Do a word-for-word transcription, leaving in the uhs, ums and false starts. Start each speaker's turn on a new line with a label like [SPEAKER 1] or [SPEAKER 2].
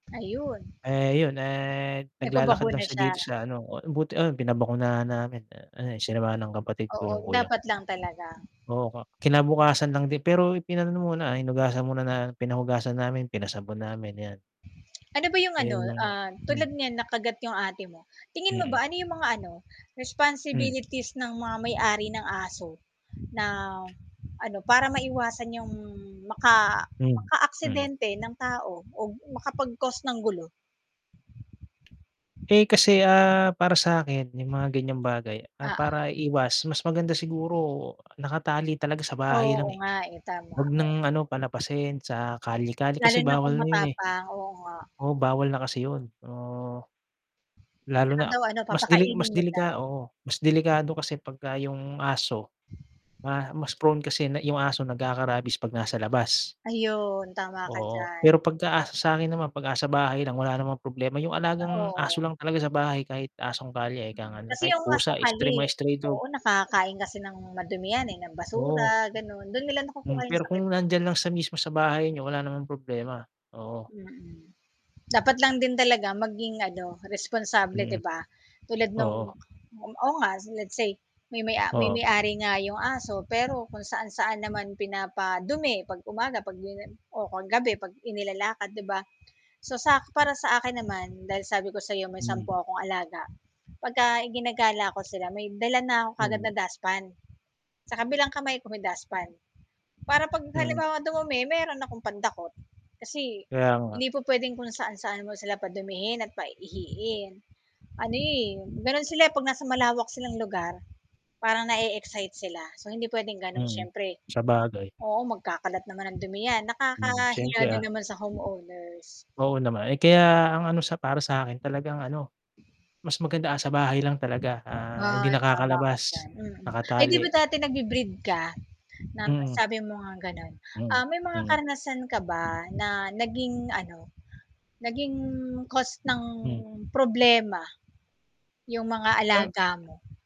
[SPEAKER 1] Ayun.
[SPEAKER 2] Eh, yun, eh, naglalakad lang
[SPEAKER 1] Nagpa-bakuna
[SPEAKER 2] siya
[SPEAKER 1] siya?
[SPEAKER 2] dito sa ano, o e buti ayun pinabakunahan namin ano eh, sinamahan ng kapatid ko
[SPEAKER 1] Oo
[SPEAKER 2] yung kuya
[SPEAKER 1] dapat lang talaga.
[SPEAKER 2] oo kinabukasan lang din pero ipinaano muna hinugasan muna pinahugasan namin, pinasabon namin yan.
[SPEAKER 1] Ano ba yung ano
[SPEAKER 2] Ayun ang
[SPEAKER 1] ah, tulad
[SPEAKER 2] hmm.
[SPEAKER 1] niyan nakagat yung ate mo. Tingin mo ba
[SPEAKER 2] Mm.
[SPEAKER 1] ano yung mga ano,
[SPEAKER 2] Hmm.
[SPEAKER 1] responsibilities ng mga may-ari ng aso? Na, ano para maiwasan yung maka
[SPEAKER 2] Hmm, mm.
[SPEAKER 1] maka-aksidente ng tao o makapag-cause ng gulo?
[SPEAKER 2] Eh, kasi ah, para sa 'kin yung mga ganyang bagay, ah,
[SPEAKER 1] Oo.
[SPEAKER 2] para iwas mas maganda siguro nakatali talaga sa bahay
[SPEAKER 1] Oo
[SPEAKER 2] lang eh.
[SPEAKER 1] nga eh, tama
[SPEAKER 2] Wag
[SPEAKER 1] ka.
[SPEAKER 2] ng ano palapasin sa kalye-kalye
[SPEAKER 1] Lalo
[SPEAKER 2] kasi
[SPEAKER 1] na kung
[SPEAKER 2] bawal na yun eh.
[SPEAKER 1] matapang, oo nga.
[SPEAKER 2] Oo bawal na kasi yun so, lalo
[SPEAKER 1] 'Tsaka
[SPEAKER 2] na
[SPEAKER 1] daw ano
[SPEAKER 2] mas delik mas
[SPEAKER 1] papakainin mo daw.
[SPEAKER 2] delika oo mas delikado kasi pagka yung aso, ma mas prone kasi na yung aso nagkaka-rabies 'pag nasa labas.
[SPEAKER 1] Ayun tama ka
[SPEAKER 2] Oo
[SPEAKER 1] diyan.
[SPEAKER 2] pero pagka sa 'kin naman, 'pag asa bahay lang wala namang problema yung alagang aso
[SPEAKER 1] Oo.
[SPEAKER 2] lang talaga sa bahay, kahit asong kalye eh,
[SPEAKER 1] Hmm, kasi
[SPEAKER 2] kahit
[SPEAKER 1] yung
[SPEAKER 2] pusa
[SPEAKER 1] asong
[SPEAKER 2] stray,
[SPEAKER 1] kalye
[SPEAKER 2] mga stray dog.
[SPEAKER 1] oo nakaka-kain kasi ng madum yan eh, ng basura
[SPEAKER 2] Oo.
[SPEAKER 1] ganon dun nila
[SPEAKER 2] Hmm,
[SPEAKER 1] nakukuha yung
[SPEAKER 2] pero
[SPEAKER 1] sakit
[SPEAKER 2] kung
[SPEAKER 1] eh.
[SPEAKER 2] nandiyan lang siya mismo sa bahay niyo, wala namang problema, oo.
[SPEAKER 1] Hmm. Dapat lang din talaga maging ano, responsable
[SPEAKER 2] Hmm.
[SPEAKER 1] 'di ba? Tulad nang
[SPEAKER 2] Oo.
[SPEAKER 1] oo nga let's say, may may a may
[SPEAKER 2] Oo.
[SPEAKER 1] may-ari nga 'yong aso pero kung saan-saan naman pinapadumi 'pag umaga, 'pag 'di na oh, 'pag gabi 'pag inilalakad 'di ba? So sak para sa akin naman, dahil sabi ko sa 'yo may sampu
[SPEAKER 2] Hmm.
[SPEAKER 1] akong alaga, pagka-igina-gala ko sila may dala na ako kaagad
[SPEAKER 2] Mhm.
[SPEAKER 1] na dustpan, sa kabilang kamay ko may dustpan. Para 'pag
[SPEAKER 2] Hmm.
[SPEAKER 1] halimbawa dumumi meron akong pandakot kasi,
[SPEAKER 2] Kaya nga.
[SPEAKER 1] hindi po puwedeng kung saan-saan mo sila padumihin at pa-iihiin. Ano eh, gano'n sila eh, 'pag nasa malawak silang lugar. Parang nae-excite sila so hindi puwedeng gano'n
[SPEAKER 2] Hmm,
[SPEAKER 1] siyempre
[SPEAKER 2] sabagay.
[SPEAKER 1] oo magkakalat naman ng dumi 'yan,
[SPEAKER 2] Hmm,
[SPEAKER 1] nakakahiya
[SPEAKER 2] siyempre
[SPEAKER 1] din
[SPEAKER 2] ah.
[SPEAKER 1] naman sa home owners.
[SPEAKER 2] Oo naman eh, kaya ang ano sa para sa 'kin talagang ano, mas maganda nasa bahay lang talaga ah, hindi
[SPEAKER 1] Ay, tama ka diyan,
[SPEAKER 2] nakakalabas,
[SPEAKER 1] hmm. Ay, 'di ba
[SPEAKER 2] nakatali.
[SPEAKER 1] dati nagbi-breed ka?
[SPEAKER 2] Hmm.
[SPEAKER 1] Nasabi mo ngang ganon,
[SPEAKER 2] Hmm,
[SPEAKER 1] ah, may mga
[SPEAKER 2] hmm.
[SPEAKER 1] karanasan ka ba na naging ano, naging cause ng
[SPEAKER 2] Hmm.
[SPEAKER 1] problema, yung mga alaga
[SPEAKER 2] Ah
[SPEAKER 1] mo?